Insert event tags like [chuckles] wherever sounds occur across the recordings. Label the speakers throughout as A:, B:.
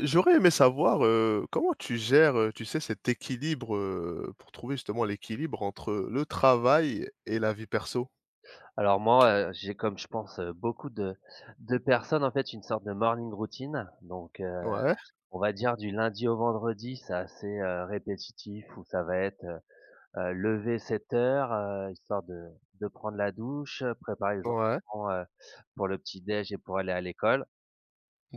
A: J'aurais aimé savoir, heu, comment tu gères, heu, tu sais, cet équilibre, heu, pour trouver justement l'équilibre entre le travail et la vie perso.
B: Alors, moi, heu, j'ai, comme je pense, heu, beaucoup de de personnes, en fait, une sorte de morning routine donc, heu,
A: Ouais.
B: on va dire, du lundi au vendredi. C'est assez, heu, répétitif, où ça va être, heu heu, lever 07:00, heu, histoire de de prendre la douche, préparer les
A: Ouais.
B: enfants, heu, pour le petit déjeuner et pour aller à l'école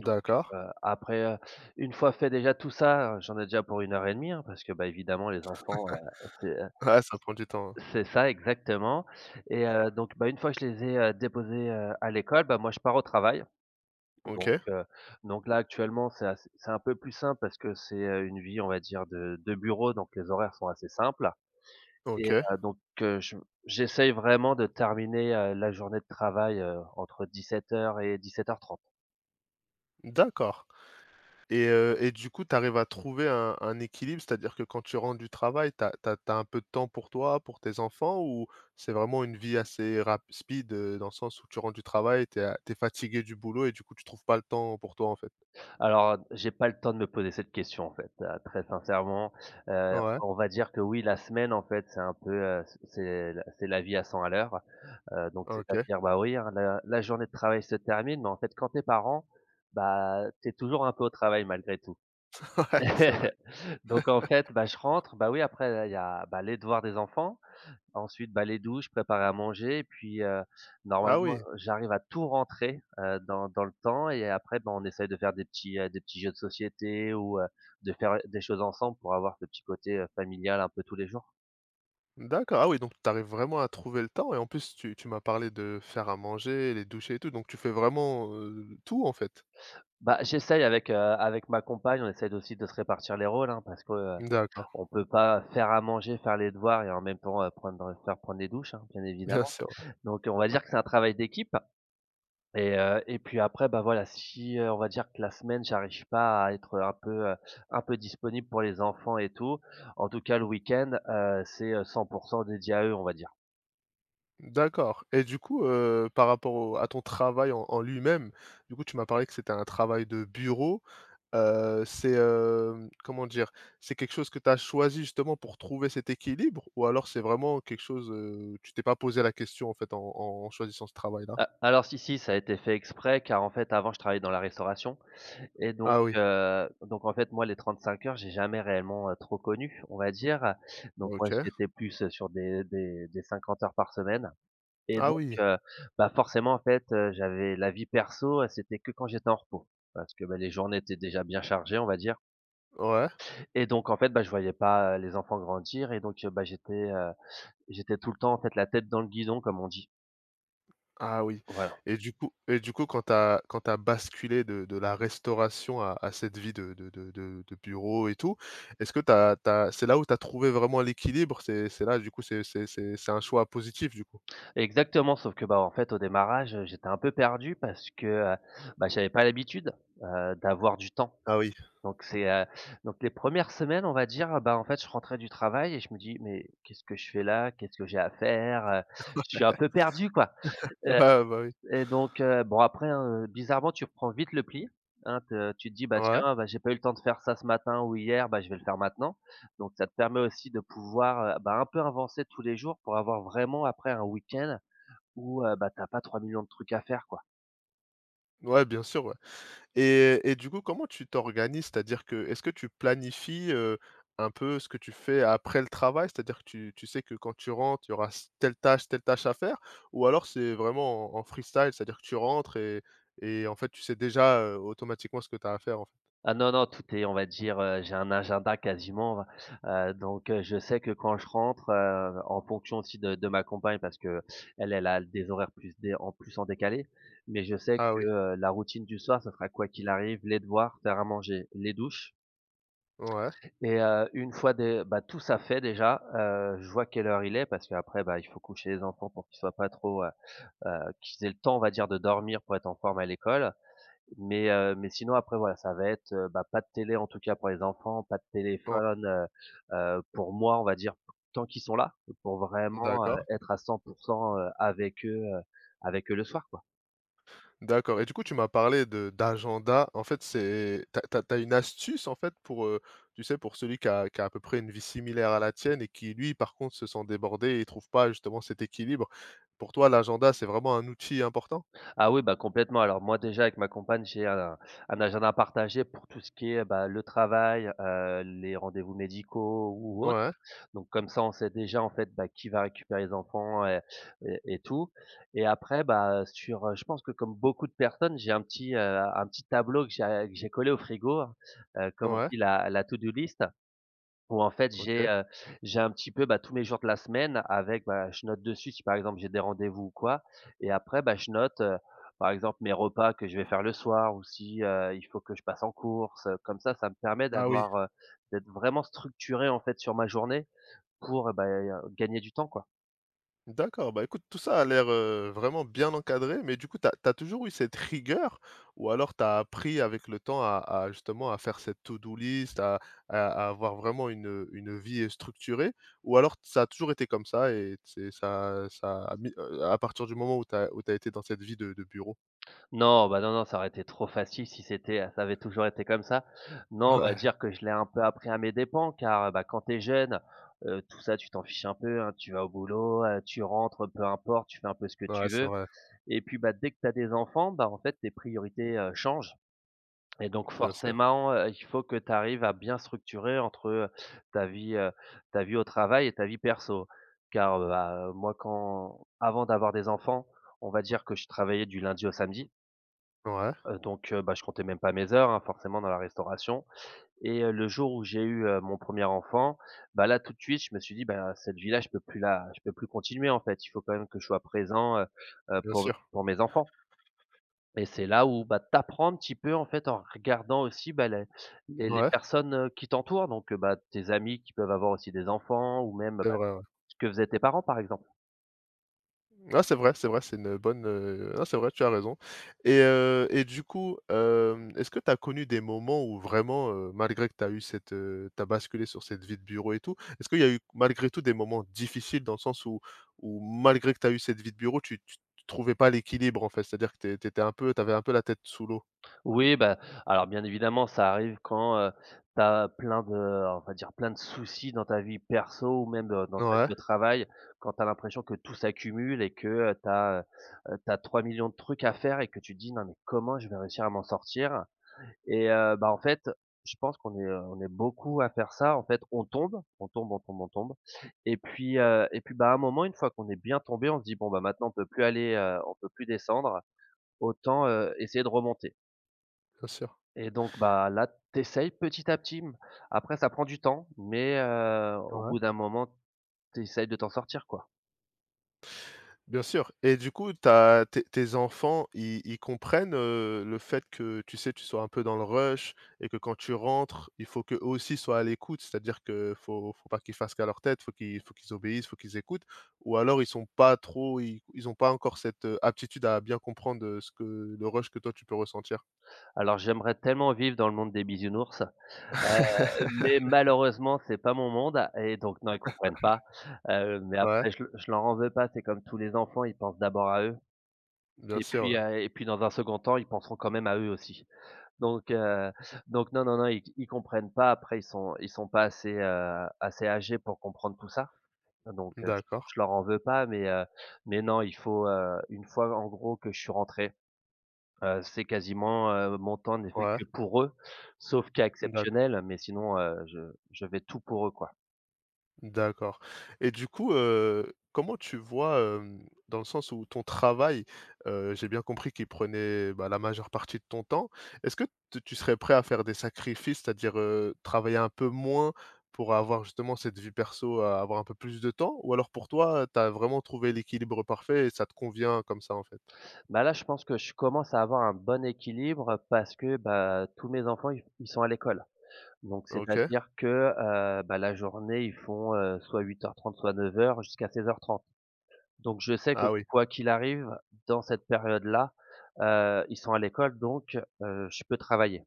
B: donc heu, après, heu, une fois fait déjà tout ça, heu, j'en ai déjà pour 1 heure et 1/2, hein, parce que, bah, évidemment, les enfants, heu, c'est,
A: [chuckles]
B: heu
A: Ouais, ça prend du temps, hein.
B: c'est ça, exactement et heu, donc, bah, une fois je les ai, heu, déposés, heu, à l'école, bah, moi, je pars au travail donc,
A: OK.
B: heu, donc là, actuellement, c'est à c'est un peu plus simple, parce que c'est, heu, une vie, on va dire, de de bureau, donc les horaires sont assez simples et
A: OK.
B: heu, donc, heu, je j'essaye vraiment de terminer, heu, la journée de travail, heu, entre 17:00 et 17:30.
A: D'accord et heu et du coup, tu arrives à trouver un un équilibre? C'est-à-dire que quand tu rentres du travail, tu as tu as tu as un peu de temps pour toi, pour tes enfants, ou c'est vraiment une vie assez rap speed, heu, dans le sens où tu rentres du travail, tu es a tu es fatigué du boulot et du coup, tu trouves pas le temps pour toi, en fait?
B: Alors, heu, j'ai pas le temps de me poser cette question, en fait, heu, très sincèrement, heu,
A: Ouais.
B: on va dire que, oui, la semaine, en fait, c'est un peu, heu, c'est c'est la c'est la vie à 100 à l'heure, heu, donc c'est à
A: OK.
B: dire, bah, oui, hein, la la journée de travail se termine, mais en fait, quand tu es parent, bah, tu es toujours un peu au travail, malgré tout.
A: [chuckles] Ouais, c'est vrai.
B: [chuckles] Donc, en fait, bah, je
A: [chuckles]
B: rentre, bah, oui, après, là il y a, bah, les devoirs des enfants, ensuite, bah, les douches, préparer à manger et puis, heu,
A: Ah,
B: normalement,
A: oui.
B: j'arrive à tout rentrer, heu, dans dans le temps et après, bah, on essaye de faire des petits, heu, des petits jeux de société, ou, heu, de faire des choses ensemble. Pour avoir ce petit côté, heu, familial, un peu tous les jours.
A: D'accord. Ah oui, donc tu arrives vraiment à trouver le temps et en plus tu tu m'as parlé de faire à manger, les douches et tout donc tu fais vraiment, heu, tout en fait?
B: Bah, j'essaye avec, heu avec, ma compagne. On essaye d'aussi de se répartir les rôles, hein parce que, heu,
A: D'accord.
B: on peut pas faire à manger, faire les devoirs et en même temps, heu, prendre faire prendre des douches hein, bien
A: Bien
B: évidemment
A: sûr, ouais.
B: donc, heu, on va dire que c'est un travail d'équipe et heu et puis après, bah, voilà, si, heu, on va dire que la semaine j'arrive pas à être, heu, un peu, heu, un peu disponible pour les enfants et tout. En tout cas le week-end, heu, c'est, heu, 100 % dédié à eux on va dire.
A: D'accord et du coup, heu, par rapport au à ton travail en en lui-même, du coup tu m'as parlé que c'était un travail de bureau. Heu, c'est heu, mmh, comment dire? C'est quelque chose que tu as choisi justement pour trouver cet équilibre ou alors c'est vraiment quelque chose, heu, tu t'es pas posé la question en fait en en en choisissant ce travail là?
B: Heu, alors si si. Ça a été fait exprès car en fait avant je travaillais dans la restauration et donc
A: Ah oui.
B: heu, donc en fait moi les trente-cinq heures j'ai jamais réellement, heu, trop connu on va dire, donc moi
A: OK.
B: j'étais plus sur des des des 50 heures par semaine et
A: Ah
B: donc
A: oui.
B: heu, bah, forcément en fait. Heu, j'avais la vie perso, c'était que quand j'étais en repos parce que, bah, les journées étaient déjà bien chargées on va dire
A: Ouais.
B: et donc en fait, bah, je voyais pas, heu, les enfants grandir et donc heu, bah, j'étais, heu «j'étais tout le temps en fait la tête dans le guidon», comme on dit
A: Ah oui
B: voilà.
A: et du coup et du coup quand tu as quand tu as basculé de de la restauration à à cette vie de de de de de bureau et tout. Est-ce que tu as tu as c'est là où tu as trouvé vraiment l'équilibre? C'est c'est là du coup c'est c'est c'est c'est un choix positif du coup?
B: Exactement sauf que, bah, en fait au démarrage, heu, j'étais un peu perdu parce que, heu, bah, j'avais pas l'habitude, heu, d'avoir du temps
A: Ah oui.
B: donc c'est, heu, donc les 1res semaines on va dire, bah, en fait je rentrais du travail et je me dis: «Mais qu'est-ce que je fais là? Qu'est-ce que j'ai à faire, heu, je suis un peu perdu quoi»,
A: [laughs] B
B: heu
A: bah oui.
B: et donc heu, bon après, hein, heu, bizarrement tu prends vite le pli, hein. Te tu te dis: «Bah
A: Ouais.
B: tiens, bah, j'ai pas eu le temps de faire ça ce matin ou hier, bah, je vais le faire maintenant», donc ça te permet aussi de pouvoir, heu, bah, un peu avancer tous les jours pour avoir vraiment après un week-end où heu, bah, tu as pas 3000000 de trucs à faire quoi.
A: Ouais bien sûr, ouais et heu et du coup comment tu t'organises? C'est-à-dire que est-ce que tu planifies, heu, un peu ce que tu fais après le travail? C'est-à-dire que tu tu sais que quand tu rentres il y aura s telle tâche, telle tâche à faire, ou alors c'est vraiment en en free-style, c'est-à-dire que tu rentres et et en fait tu sais déjà, heu, automatiquement ce que tu as à faire en fait?
B: Ah non non, tout est on va dire, heu j'ai un agenda quasiment. Heu, donc heu, je sais que quand je rentre, heu, en fonction aussi de de ma compagne parce qu'elle elle a des horaires plus dé en plus en décalé mais je sais
A: Ah
B: que,
A: oui.
B: heu, la routine du soir ça sera quoi qu'il arrive les devoirs, faire à manger, les douches
A: Ouais.
B: et heu, une fois dé bah, tout ça fait déjà, heu, je vois quelle heure il est. Parce qu'après il faut coucher les enfants pour qu'ils soient pas trop, heu, heu qu'ils aient le temps on va dire de dormir pour être en forme à l'école. Mais heu, mais sinon après voilà, ça va être, heu, ben, pas de télé en tout cas pour les enfants, pas de
A: O
B: téléphone, heu, heu, pour moi on va dire tant qu'ils sont là pour vraiment, heu,
A: D'accord.
B: être à 100 %, heu, avec eux, heu, avec eux le soir quoi.
A: D'accord et du coup tu m'as parlé de d'agenda. En fait c'est tu as tu as tu as une astuce en fait pour, heu, tu sais pour celui qui a qui a à peu près une vie similaire à la tienne et qui lui par contre se sent débordé et trouve pas justement cet équilibre? Pour toi l'agenda c'est vraiment un outil important?
B: Ah oui, ben, complètement. Alors moi déjà avec ma compagne, j'ai un un agenda partagé pour tout ce qui est, bah, le travail, heu, les rendez-vous médicaux ou autres.
A: Ouais.
B: Donc comme ça, on sait déjà en fait, bah, qui va récupérer les enfants et et et tout et après, bah, heu, sur, heu je pense que comme beaucoup de personnes j'ai un petit, heu, un petit tableau que j'ai a que j'ai collé au frigo, hein. Heu, comme on
A: Ouais.
B: dit la la to do list où en fait j'ai,
A: OK.
B: heu, j'ai un petit peu, bah, tous les jours de la semaine avec ben, je note dessus si par exemple j'ai des rendez-vous ou quoi et après ben, je note, heu, par exemple mes repas que je vais faire le soir ou si, heu, il faut que je passe en courses, heu. Comme ça, ça me permet
A: Ah oui.
B: d'avoir, heu d'être vraiment structuré en fait sur ma journée pour, heu, beh, heu, gagner du temps quoi.
A: D'accord, bah écoute tout ça a l'air, heu, vraiment bien encadré. Mais du coup tu as tu as toujours eu cette rigueur ou alors tu as appris avec le temps à à justement à faire cette to do list, à à avoir vraiment une, heu, une vie, heu, structurée ou alors t ça a toujours été comme ça et t c'est ça ça a mis heu, à partir du moment où tu as où tu as été dans cette vie de de bureau?
B: Non, ben non non, ça aurait été trop facile si c'était, heu, ça avait toujours été comme ça. Non, on va
A: Ouais.
B: dire que je l'ai un peu appris à mes dépend, car bah, quand tu es jeune, heu, tout ça tu t'en fiches un peu, hein. Tu vas au boulot, heu, tu rentres, heu, peu importe tu fais un peu ce que
A: Ouais,
B: tu
A: c'est
B: veux
A: vrai.
B: et puis, bah, dès que tu as des enfants, bah, en fait tes priorités, heu, changent et donc
A: Bien sûr.
B: forcément, heu, il faut que tu arrives à bien structurer entre, heu, ta vie heu, ta vie au travail et ta vie perso. Car heu, a moi quand, avant d'avoir des enfants, on va dire que je travaillais du lundi au samedi.
A: Ouais.
B: Heu, donc, heu, bah, je comptais même pas mes heures, hein forcément dans la restauration et heu, le jour où j'ai eu, heu, mon 1er enfant, bah, là tout de suite, je me suis dit: «Bah cette vie-là, je peux plus la je peux plus continuer en fait, il faut quand même que je sois présent, heu, heu,
A: Bien
B: pour
A: sûr.
B: pour mes enfants». Et c'est là où, bah, tu apprends un petit peu en fait en regardant aussi, bah, les les les
A: Ouais.
B: personnes, heu, qui t'entourent donc bah, tes amis qui peuvent avoir aussi des enfants ou même,
A: C'est
B: bah,
A: vrai, ouais.
B: ce que faisaient tes parents par exemple.
A: Ouais. C'est vrai, c'est vrai. C'est une bonne, heu non, c'est vrai, tu as raison et heu, et du coup, hem, est-ce que tu as connu des moments où vraiment, heu, malgré que tu as eu cette, heu tu as basculé sur cette vie de bureau et tout, est-ce qu'il y a eu malgré tout des moments difficiles dans le sens où où malgré que tu as eu cette vie de bureau, tu tu trouvais pas l'équilibre en fait? C'est-à-dire que tu étais tu étais un peu, tu avais un peu la tête sous l'eau.
B: Oui, bah, alors bien évidemment, ça arrive quand, heu, tu as plein de on va dire plein de soucis dans ta vie perso ou même, heu, dans ta
A: Ouais.
B: vie au travail quand tu as l'impression que tout s'accumule et que tu as, heu, tu as 3 000 000 de trucs à faire et que tu te dis: «Non, mais comment je vais réussir à m'en sortir» et heu, bah, en fait, je pense qu'on est, heu, on est beaucoup à faire ça en fait. On tombe, on tombe, on tombe, on tombe et puis heu et puis, bah, à un moment, une fois qu'on est bien tombé, on se dit: «Bon maintenant, on peut plus aller heu, on peut plus descendre autant, heu, essayer de remonter».
A: Bien sûr.
B: Et donc, bah, là tu essayes petit à petit, mmh, après ça prend du temps, mais, heu, au
A: Ouais.
B: bout d'un moment, tu essayes de t'en sortir, quoi.
A: Bien sûr. Et du coup, tu as tes tes enfants, ils ils comprennent, heu, le fait que, tu sais, tu sois un peu dans le rush et que quand tu rentres, il faut qu'eux aussi soient à l'écoute? C'est-à-dire que faut faut pas qu'ils fassent qu'à leur tête faut qu'il faut qu'ils obéissent, faut qu'ils écoutent? Ou alors ils sont pas trop ils ils ont pas encore cette aptitude à bien comprendre, heu, ce que le rush que toi tu peux ressentir?
B: Alors j'aimerais tellement vivre dans le monde des bisounours. Heu, mais
A: [laughs]
B: malheureusement, c'est pas mon monde et donc, non, ils comprennent pas. Heu,
A: [laughs]
B: mais
A: Ouais.
B: après je leur je leur en veux pas, c'est comme tous les enfants, ils pensent d'abord à eux.
A: Bien
B: Et
A: sûr,
B: puis,
A: ouais.
B: heu et puis dans un 2nd temps, ils penseront quand même à eux aussi. Donc heu, donc, non, non, non, ils comprennent pas après ils sont ils sont pas assez, heu, assez âgés pour comprendre tout ça, donc
A: D'accord.
B: je leur en veux pas. Mais heu, mais non, il faut, heu une fois en gros que je suis rentré, heu, c'est quasiment, heu, mon temps n'est fait
A: Ouais.
B: que pour eux, sauf cas
A: D'accord.
B: exceptionnel, mais sinon, heu, je je vais être tout pour eux, quoi.
A: D'accord. Et du coup, heu, comment tu vois, hem, dans le sens où ton travail, heu, j'ai bien compris qu'il prenait, bah, la majeure partie de ton temps? Est-ce que tu tu serais prêt à faire des sacrifices? C'est-à-dire, heu, travailler un peu moins pour avoir justement cette vie perso, a avoir un peu plus de temps? Ou alors pour toi, heu, tu as vraiment trouvé l'équilibre parfait et ça te convient comme ça, en fait?
B: Bah là, je pense que je commence à avoir un bon équilibre parce que, bah, tous mes enfants i ils sont à l'école. Donc c'est à
A: OK.
B: dire que, heu, bah, la journée ils font, heu, soit 08:30, soit 09:00 jusqu'à 16:30. Donc je sais que
A: Ah oui.
B: quoi qu'il arrive dans cette période là, heu, ils sont à l'école donc, heu, je peux travailler.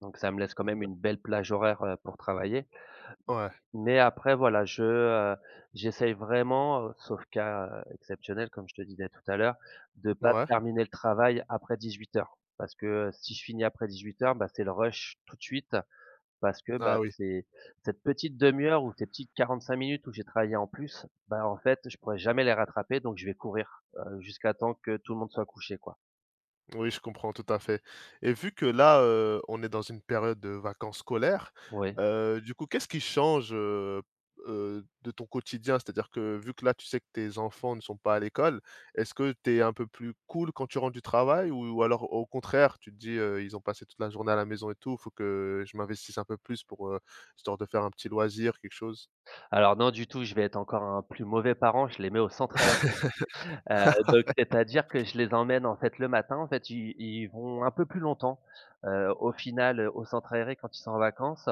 B: Donc ça me laisse quand
A: Mmh,
B: même
A: bah
B: une belle plage horaire, heu, pour travailler.
A: Ouais.
B: Mais après voilà, je, heu, j'essaye vraiment, sauf cas exceptionnel, comme je te disais tout à l'heure, de pas
A: Ouais.
B: terminer le travail après 18:00. Parce que si je finis après 18:00, bah c'est le rush tout de suite parce que, bah,
A: Ah, oui.
B: c'est cette petite demi-heure ou ces petites 45 minutes où j'ai travaillé en plus, bah, en fait je pourrais jamais les rattraper donc je vais courir, heu, jusqu'à temps que tout le monde soit couché, quoi.
A: Oui, je comprends tout à fait. Et vu que là, heu, on est dans une période de vacances scolaires,
B: Oui.
A: heu, du coup qu'est ce qui change, heu heu, de ton quotidien? C'est à dire que, vu que là tu sais que tes enfants ne sont pas à l'école. Est-ce que tu es un peu plus cool quand tu rentres du travail? Ou alors, au contraire tu te dis: «Heu, ils ont passé toute la journée à la maison et tout, il faut que je m'investisse un peu plus pour, heu, histoire de faire un petit loisir, quelque chose?»
B: Alors non du tout, je vais être encore un plus mauvais parent, je les mets au centre aéré. [chuckles] Heu, donc c'est-à-dire, que
A: [laughs]
B: je les emmène en fait le matin, en fait, ils ils vont un peu plus longtemps, heu, au final au centre aéré quand ils sont en vacances.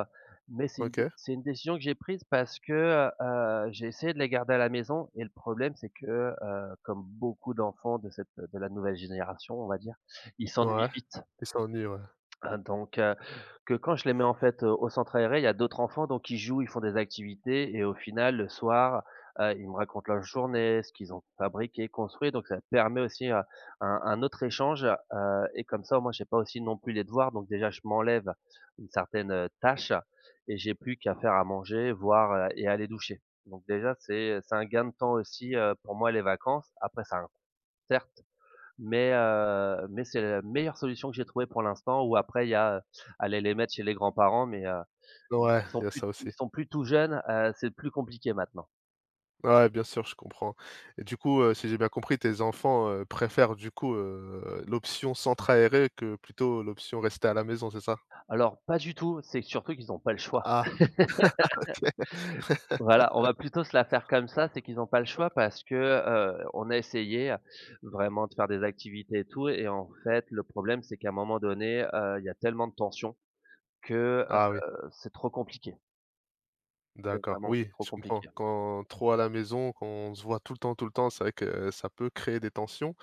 B: Mais c'est une dé
A: OK.
B: c'est une décision que j'ai prise parce que, heu, j'ai essayé de les garder à la maison et le problème c'est que, heu, comme beaucoup d'enfants de cette de la nouvelle génération on va dire, ils s'ennuient
A: Ouais,
B: vite.
A: ils s'ennuient, ouais.
B: Heu, donc heu, que quand je les mets, en fait, au centre aéré, il y a d'autres enfants donc ils jouent, ils font des activités et au final le soir, heu, ils me racontent leur journée ce qu'ils ont fabriqué, construit, donc ça permet aussi, heu, un un autre échange. Heu, et comme ça moi, j'ai pas aussi non plus les devoirs, donc déjà je m'enlève une certaine tâche et j'ai plus qu'à faire à manger, voir, heu et à les doucher. Donc déjà c'est c'est un gain de temps aussi, heu, pour moi les vacances. Après ça à un [unintelligible] certes, mais, heu, mais c'est la meilleure solution que j'ai trouvé pour l'instant. Ou après, il y a aller les mettre chez les grands-parents mais, heu,
A: Ouais,
B: qui
A: il
B: sont
A: y a
B: plus
A: ça aussi.
B: ils sont plus tout jeunes, heu, c'est plus compliqué, maintenant.
A: Ah ouais, bien sûr, je comprends et du coup, heu, si j'ai bien compris tes enfants, heu, préfèrent du coup, heu, l'option centre aéré que plutôt l'option rester à la maison, c'est ça?
B: Alors pas du tout, c'est surtout qu'ils ont pas le choix.
A: Ah [chuckles] OK.
B: [laughs] Voilà, on
A: [chuckles]
B: va plutôt se la faire comme ça. C'est qu'ils ont pas le
A: Heu
B: choix parce que, heu, on a essayé vraiment de faire des activités et tout et en fait le problème, c'est qu'un moment donné, heu, il y a tellement de tension que,
A: Ah
B: heu,
A: oui.
B: c'est trop compliqué. C'est
A: D'accord,
B: vraiment
A: oui.
B: trop
A: Je comprends
B: compliqué, hein.
A: quand trop à la maison, quand on se voit tout le temps, tout le temps. C'est vrai que, heu, ça peut créer des tensions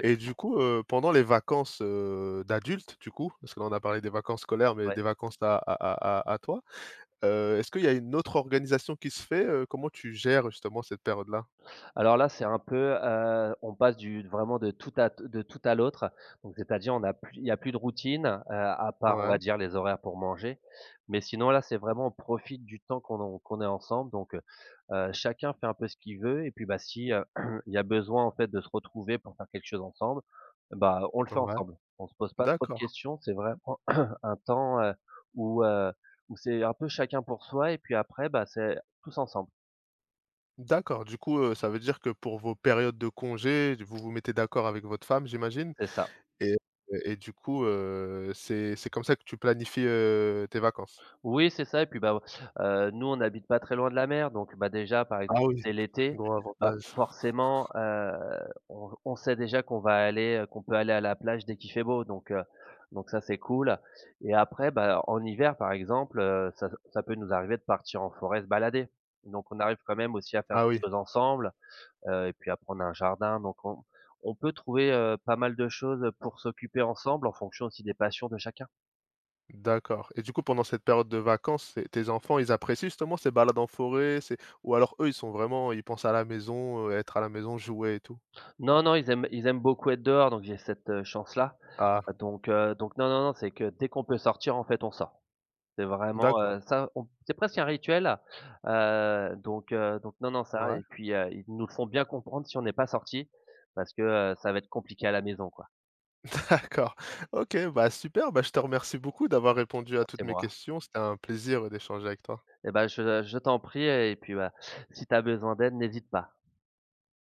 A: et du coup, heu, pendant les vacances, heu, d'adultes, du coup, parce que là, on a parlé des vacances scolaires, mais
B: Ouais.
A: des vacances à à à à toi, heu, est-ce qu'il y a une autre organisation qui se fait? Heu, comment tu gères justement cette période-là?
B: Alors là, c'est un peu, heu, on passe du vraiment de tout à te tout à l'autre, donc, c'est-à-dire on a plus il y a plus de routine, heu, à part on va
A: Ouais.
B: dire les horaires pour manger, mais sinon là, c'est vraiment on profite du temps qu'on a qu'on est ensemble donc heu, heu, chacun fait un peu ce qu'il veut et puis, bah si, heu, [clears throat] il y a besoin en fait de se retrouver pour faire quelque chose ensemble et bah, on le fait
A: Ouais.
B: ensemble. On se pose pas trop de
A: D'accord.
B: questions, c'est vraiment [coughs] un temps, heu, où heu, où c'est un peu chacun pour soi et puis après, bah, c'est tous ensemble.
A: D'accord, du coup, heu, ça veut dire que pour vos périodes de congés, d vous vous mettez d'accord avec votre femme, j'imagine
B: C'est ça.
A: et et du coup, heu, c'est c'est comme ça que tu planifies, heu, tes vacances?
B: Oui c'est ça et puis bah, heu, nous on n'habite pas très loin de la mer donc bah, déjà, par exemple,
A: Ah
B: si
A: ouais,
B: c'est l'été,
A: gros
B: bah,
A: avantage.
B: forcément,
A: [chuckles]
B: heu, on on sait déjà qu'on va aller, heu, qu'on peut aller à la plage dès qu'il fait beau donc, heu, donc ça c'est cool et après bah, en hiver, par exemple, heu, ça ça peut nous arriver de partir en forêt se balader. Donc on arrive quand même aussi à faire
A: Ah
B: des
A: oui.
B: choses ensemble, heu et puis après on a un jardin, donc on on peut trouver, heu, pas mal de choses, heu, pour s'occuper ensemble, en fonction aussi, des passions de chacun.
A: D'accord et du coup, pendant cette période de vacances et tes enfants, ils apprécient justement ces balades en forêt, c'est ou alors eux, ils sont vraiment ils pensent à la maison, heu, être à la maison, jouer et tout?
B: Non, non, ils aiment ils aiment beaucoup être dehors donc j'ai cette, heu, chance-là.
A: Ah.
B: Donc heu, donc non, non, non, c'est que dès qu'on peut sortir, en fait, on sort. C'est vraiment,
A: D'accord.
B: heu, ça, on c'est presque un rituel, heu, donc heu, donc non, non, ça
A: Mouais.
B: et puis, heu, ils nous le font bien comprendre si on n'est pas sortis parce que, heu, ça va être compliqué à la maison, quoi.
A: [laughs] D'accord OK bah super, bah, je te remercie beaucoup d'avoir répondu à
B: Bah,
A: toutes
B: c'est
A: mes
B: moi.
A: questions. C'était un plaisir d'échanger avec toi.
B: Eh bah, je, heu, je t'en prie et puis bah, si tu as besoin d'aide, n'hésite pas.